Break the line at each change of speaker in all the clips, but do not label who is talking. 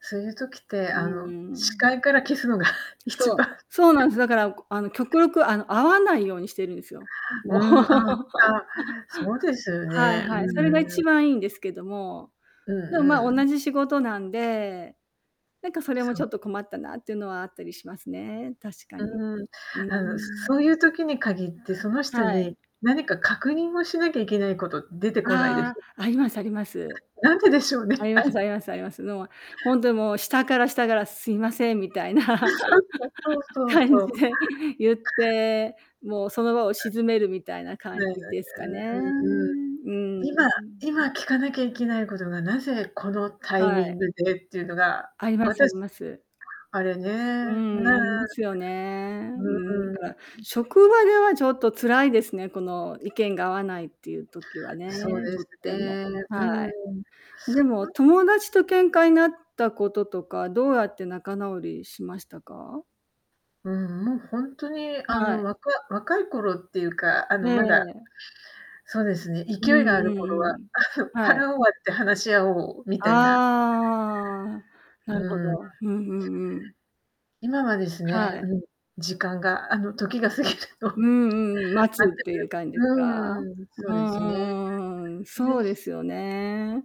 すういう時って、
う
あの、
ー
視
ん。
界から消すのが一
そう、
番
そうなんす。だから、こあの、極力、あの、会わないようにしてるんすよ。も
う
う。
ん、あ、たそうです よ
はい
ね。う
はい、それが
んう
一
ん。
番いいんですけども、
うん
でも、ま、
うん。
同じ仕事なんで、なんか、それも
そ
ち
う。
ょっと困ったなっていうのはあったりしますね。確かに。
うーん。
うー
あの、そ
ん。
そういう時に限って、その人
はい。
に何か確認をしなきゃいけないこと出てこないで
あ
す？
あ、ありますあります。
はい。なんででしょうね、
ありま
あ
す
れ。
ありますあります。のあ、ほんとに、もう、下から下からすいませんみたいな。
そうそう
感
そ
じ
う。
で言って、もうその場を
は
沈めるみたいな
い。
感
ね、はい、
じですかね。うー
うんうんうん。
ん、う
今
ん。
今聞かなきゃいけないことがなぜこのタイ
は
ミン
い。
グでっていうのが、
ありますあり
私
ます。
あれね。
う
ね。
ーん、ありますよね。
う
うーん、だ
ーん、う
から
ん。
職場ではちょっと辛いですね、この意見が合わないっていう時は
そう
ね、
で
とっ
す
ても。
ね、う
はい。
ーん。
でも、
ま
友達と喧嘩になったこととか、どうやって仲直りしましたか？
うん、もう、ほんとに、あ
は
の、
い。
わか若い頃っていうか、あ
ええ
の、まだ
ええ。
そうですね、
うん
勢いがある
うん
頃
う
は、
ん、はい。
腹を割って話し合おうみたいな。
ああ、な
う
るほ
ーん。
ど。うん、ふん、うん。
今はです
は
ね、
い。
うん、時間があの、時が過ぎるのを
うんうんうん、待つっ
待て
ていう
る
感じですか？
うーん、そう
う
で
んう
すね。
んうんうん。そ
ぜ
うで
ひ
すよね。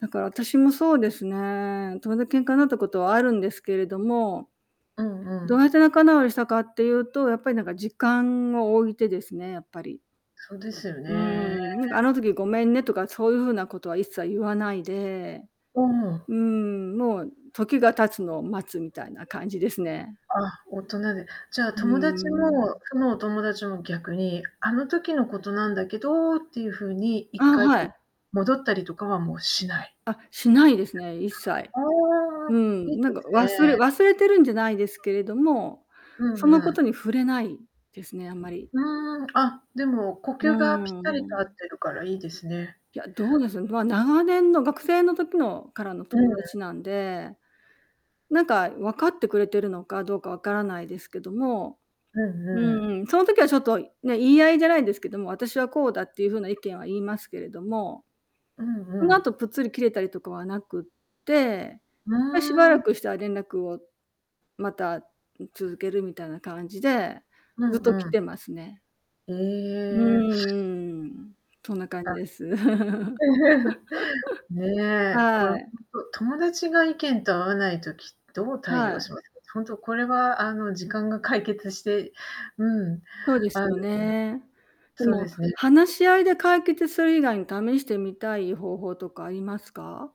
だから私もそうですね。友だ喧嘩になったことはあるんですけれども、
うんう
どう
ん。
やって仲直りしたかっていうと、やっぱり、なんか、時間を置いてですね、やっぱり。
そうですよ
うー
ね。
ん、なんか、あの時ごめんねとか、そういう風なことは一切言わないで。
うーん。
うーん、もう時が経つのを待つみたいな感じですね。
あ、大人で。じゃあ、
う
友達
ーん。
もそのお友達も逆に、あの時のことなんだけどっていう風に一
あ、
回、
は
こう
い。
戻ったりとかはもうしない。
あ、しないですね、一切。
ああ、
う
いい
ん、
で
なんか、
す
忘れ
ね。
忘れてるんじゃないですけれども、
うん
そのこ
う
と
ん。
に触れないですね、あんまり。
うーん、あ、でも、呼
う
吸がぴったりと
ー
合
ん。
ってるからいいですね。
いや、どうですね、ま、長年の学生の時のからの
うー
友
ん。
達なんで、なんか、分かってくれてるのかどうか分からないですけども
うん
うん
うん。
うん、その時はちょっと、いね、言い合いじゃないんですけども、私はこうだっていう風な意見は言いますけれども、
うんう
その
ん。
後ぷっつり切れたりとかはなくって、
う
ま、しば
ー
ら
ん。
くしたら連絡を、また、ん、続けるみたいな感じで、
う
ずっ
ん
と来
うん。
てますね。
へ
う
え。
んうん。そんな感じ
あ。
です。
ね。これ、
は
ほん
い。
と、友達が意見と合わない時、どう対
は
応
い。
しますか？ほんとこれは、あの、時間が解決して、うん、
そうです
あの
よね。で
そう
も、
ですね。
話し合いで解決する以外に試してみたい方法とかありますか？